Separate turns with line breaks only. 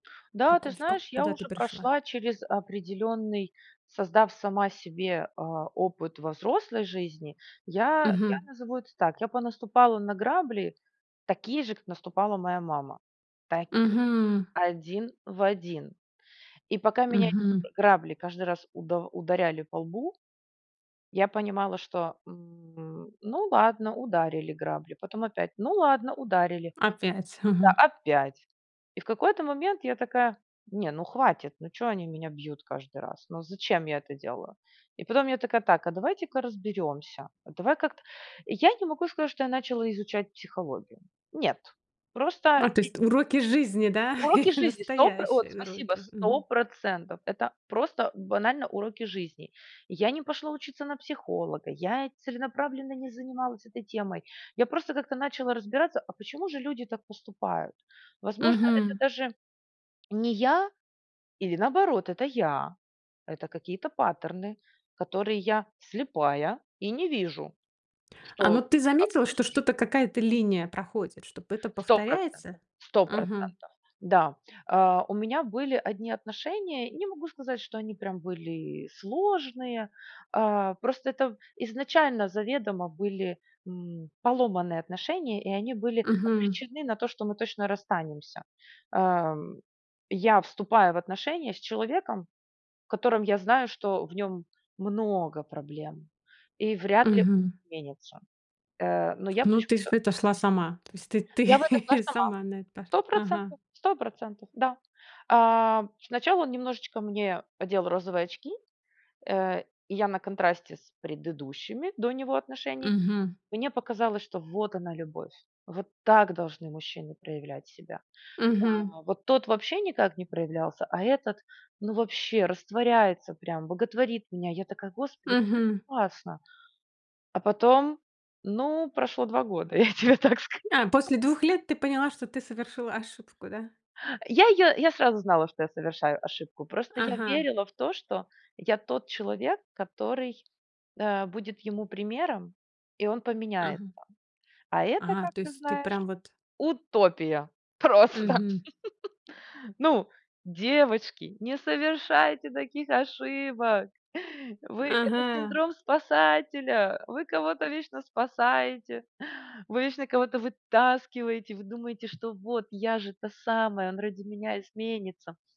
Да,
Как
ты
у в как
знаешь, я
куда ты
уже
пришла?
прошла через определенный, создав сама себе, а, опыт во взрослой жизни. Я я
Мгм.
назову это так, я понаступала на грабли, такие же, как наступала моя мама, Такие же,
Мгм.
1 в 1. И пока меня эти,
Мгм.
э, грабли каждый раз удав ударяли по лбу, я понимала, что, м, ну ладно, ударили грабли, потом опять, ну ладно, ударили,
Опять.
да.
Мгм.
Опять. И в какой-то момент я такая: "Не, ну, хватит. Ну, чё они меня бьют каждый раз? Ну, зачем я это делаю?" И потом я такая: "Так, а давайте-ка разберёмся. А давай как-то" Я не могу сказать, что я начала изучать психологию. Нет. Просто
А то
и
есть уроки из жизни, да.
Уроки жизни 100 про Вот,
Настоящие
спасибо.
уроки,
сто
мгм.
процентов. Это просто банально уроки жизни. И я не пошла учиться на психолога, я целенаправленно не занималась этой темой. Я просто как-то начала разбираться, а почему же люди так поступают? Возможно, это
Мгм.
даже не я или наоборот это я, это какие-то паттерны, которые я слепая и не вижу,
А,
что
ну ты заметила,
оставить
что
нужно.
что-то какая-то линия проходит, чтобы это
сто
повторяется?
процентов. сто
Мгм.
процентов. Да, а, у меня были 1 отношения. Не могу сказать, что они прям были сложные, а, просто это п изначально заведомо были, м, поломанные отношения и они были
Мгм.
обречены на то, что мы точно расстанемся, ам. Я вступаю в отношения с человеком, в котором я знаю, что в нём много проблем и вряд ли
Мгм.
изменится, э Но я
Ну ты ж
почему-то
в это шла сама. То есть ты
Я в это шла
ты
сама.
сама на это
сто
ага.
процентов, 100 %, да. А, сначала он немножечко мне одел розовые очки. Э, и я на контрасте с предыдущими до него отношений,
Мгм.
мне показалось, что вот она любовь, вот так должны мужчины проявлять себя.
Мгм.
Да. Вот тот вообще никак не проявлялся, а этот, ну вообще растворяется прям, боготворит меня. Я такая, Господи, как это
Мгм.
классно. А потом, ну прошло 2 года. Я тебе так скажу.
А, после 2 лет ты поняла, что ты совершила ошибку, да?
Я её я сразу знала, что я совершаю ошибку. Просто я
Ага.
верила в то, что я тот человек, который, э, будет ему примером и он поменяется.
Ага.
А это,
Ага,
как
то
ты
есть ты
знаешь,
прям вот
утопия просто.
Мгм.
Ну, девочки, не совершайте таких ошибок вы Это
Ага.
синдром спасателя. Вы кого-то вечно спасаете, вы вечно кого-то вытаскиваете, вы думаете, что вот я же та самая, он ради меня изменится.